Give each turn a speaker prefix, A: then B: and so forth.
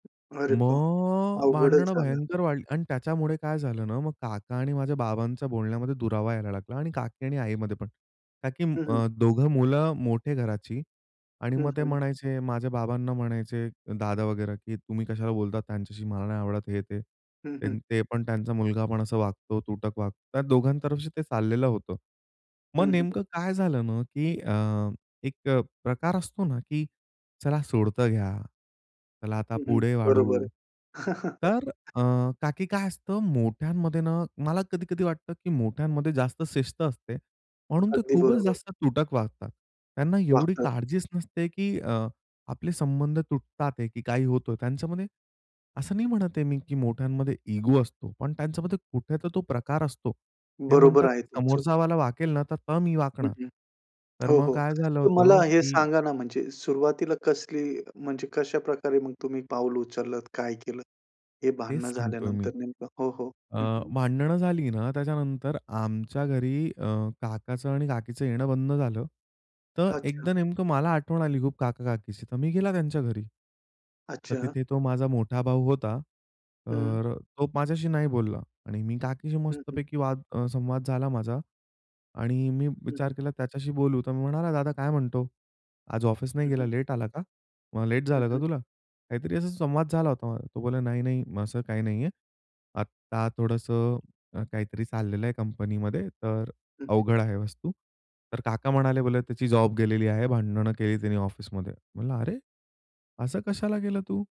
A: अरे बा!
B: मग
A: अवघडच
B: भांडणं
A: झालं.
B: भयंकर वाढली. आणि त्याच्यामुळे काय झालं ना मग काका आणि माझ्या बाबांच्या बोलण्यामध्ये दुरावा यायला लागला आणि काकी आणि आईमध्ये पण. काकी
A: हं, हं.
B: अ, दोघं मुलं मोठे घराची आणि
A: हं,
B: मग ते
A: हं.
B: म्हणायचे माझ्या बाबांना म्हणायचे दादा वगैरा, की तुम्ही कशाला बोलतात त्यांच्याशी मला नाही आवडत. हे ते,
A: हं, हं.
B: ते पण त्यांचा मुलगा पण असं वागतो तुटक वागतो. त्या दोघांतर्फे ते चाललेलं होतं. मग
A: हं, हं.
B: नेमकं काय झालं ना, की अ, एक प्रकार असतो ना, की चला सोडतं घ्या. चला आता
A: हं, हं.
B: पुढे
A: बरोबर.
B: वाढू. तर अ, का, की काय असतं मोठ्यांमध्ये ना मला कधी-कधी वाटतं, की मोठ्यांमध्ये जास्त शिस्त असते, म्हणून ते
A: अगदी
B: खूपच
A: बरोबर.
B: जास्त तुटक वागतात. त्यांना एवढी
A: वागतात.
B: काळजीच नसते, की अ, आपले संबंध तुटतात आहे, की काही होत आहे त्यांच्यामध्ये. असं नाही म्हणत आहे मी, की मोठ्यांमध्ये इगो असतो. पण त्यांच्यामध्ये कुठे तर तो प्रकार असतो. ते
A: बरोबर
B: म्हणतात,
A: आहे
B: की
A: तुमचं.
B: समोरचावाला वाकेल ना तर मी
A: हं,
B: वाकणार.
A: हं.
B: तर
A: हो,
B: मग
A: हो.
B: काय झालं
A: तर
B: होतं,
A: मला हे
B: की
A: सांगा ना म्हणजे सुरुवातीला कसली म्हणजे कशाप्रकारे मग तुम्ही पाऊल उचललत? काय केलंत हे
B: तेच
A: भांडणं
B: सांगतोय मी.
A: झाल्यानंतर नेमकं? हो, हो,
B: अ,
A: हं, हं.
B: भांडणं झाली ना त्याच्यानंतर आमच्या घरी अ, काकाचं आणि काकीचं येणं बंद झालं. तर
A: अच्छा.
B: एकदा नेमकं मला आठवण आली खूप काका-काकीची तर मी गेला त्यांच्या घरी. तर
A: अच्छा.
B: तिथे तो माझा मोठा भाऊ होता.
A: हं.
B: तर अ, तो माझ्याशी नाही बोलला. आणि मी काकीशी
A: हं,
B: मस्त
A: हं.
B: पैकी वाद संवाद झाला माझा. आणि मी
A: हं, हं.
B: विचार केला त्याच्याशी बोलू तर मी म्हणाला, "दादा काय म्हणतो? आज ऑफिस नाही
A: हं,
B: गेला
A: हं.
B: लेट आला का? मग लेट
A: हं,
B: झालं का
A: हं.
B: तुला?" काहीतरी असा संवाद झाला होता. तो बोलला, "नाही, नाही असं काही नाहीये. आता थोडंसं काहीतरी चाललेलं आहे कंपनीमध्ये तर
A: हं, हं.
B: अवघड आहे वस्तू." तर काका म्हणाले, "बोले त्याची जॉब गेलेली आहे. भांडणं केली त्यानी ऑफिसमध्ये" म्हणला, "अरे, असं कशाला केलं तू?"